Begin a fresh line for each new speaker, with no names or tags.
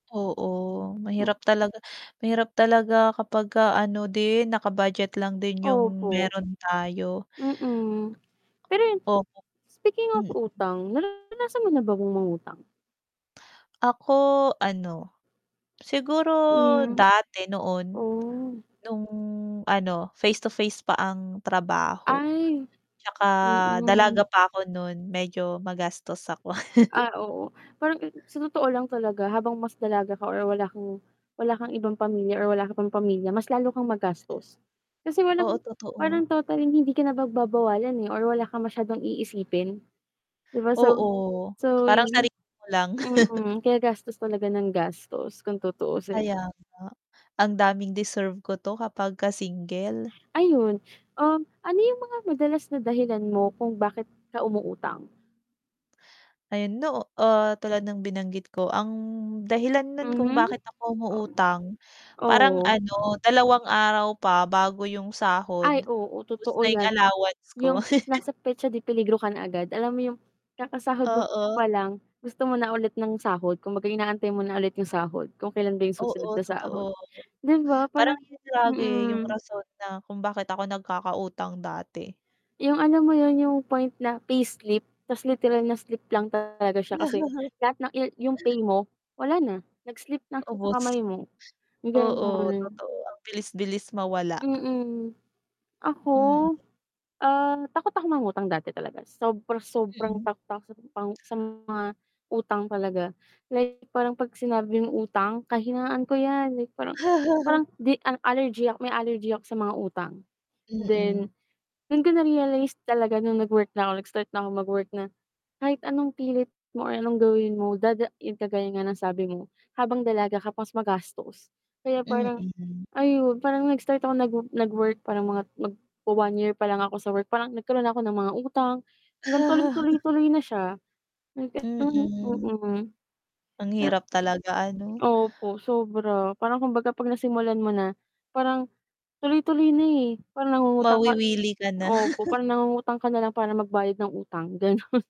Oo, mahirap talaga mahirap talaga kapagka ano din, naka-budget lang din yung
Opo.
meron tayo.
Mm. Pero yun,
Opo.
speaking of
Mm.
utang, naranasan mo na ba yung mangutang?
Ako, ano, siguro
Hmm,
dati noon
oh.
nung ano, face-to-face pa ang trabaho,
Ay,
tsaka
mm.
dalaga pa ako nun medyo magastos ako.
Ah, oo, parang sa totoo lang talaga habang mas dalaga ka or wala kang wala kang ibang pamilya or wala ka pang pamilya, mas lalo kang
Mm.
magastos. Kasi walang
Oo, totoo.
parang total hindi ka na pagbabawalan, eh, or wala kang masyadong iisipin. ‘Di ba, so
Oo,
so,
parang
[unintelligible]
sarili mo lang.
mhm, kaya gastos talaga nang gastos kung tutuusin.
Kaya nga. Ang daming, "Deserve ko ‘to." Kapagka single.
Ayun, um, ano yung mga madalas na dahilan mo kung bakit ka umuutang?
Ayun, noo ah, tulad ng binanggit ko, ang dahilan nun kung
Mhm.
bakit ako umuutang, parang
Oo.
ano, dalawang araw pa bago yung sahod,
Ay, oo,
ubos
totoo
na yung
‘yan.
allowance ko.
Yung nasa petsa de peligro ka na agad. Alam mo yung, kakasahod mo
Oo.
pa lang gusto mo na ulit ng sahod. Kumbaga inaantay mo na ulit yung sahod kung kailan ba yung susunod
Oo,
na sahod.
totoo.
‘Di ba, parang
Parang yun lagi yung
mm.
rason na kung bakit ako nagkakautang dati.
Yung alam mo yun, yung point na payslip ta’s literal na slip lang talaga siya kasi lahat ng yu yung pay mo, wala na, nag-slip lang siya sa
Ubos.
kamay mo
Oo,
gano'n.
totoo. Ang bilis bilis mawala.
Mm. Ako,
Mm.
ah, takot ako mangutang dati talaga. Sobra-sobrang
Mm.
takot ako sa mga sa mga utang talaga. Like parang ‘pag sinabi ng utang, kahinaan ko ‘yan. Like parang parang ‘di ang allergy may allergy ako sa mga utang.
Mm.
Then, dun ko na-realize talaga nung nag-work na ako, nag-start na ako mag-work na, kahit anong pilit mo or anong gawin mo, dada yung kagaya nga ng sabi mo, habang dalaga ka pa mas magastos. Kaya parang,
Mm.
ayun parang nag-start ako nag nagwu nag-work parang magwa-one year pa lang ako sa work, parang nagkaroon ako ng mga utang, hanggang tuloy, tuloy, tuloy na siya. [unintelligible]
Mm.
Mm.
Ang
Na
hirap talaga, ano?
opo, sobra. Parang kumbaga, ‘pag nasimulan mo na, parang tuloy-tuloy na, eh. Parang nangungutang ka
Mawiwili ka na.
opo, parang nangungutang ka nalang para magbayad ng utang. Ganun.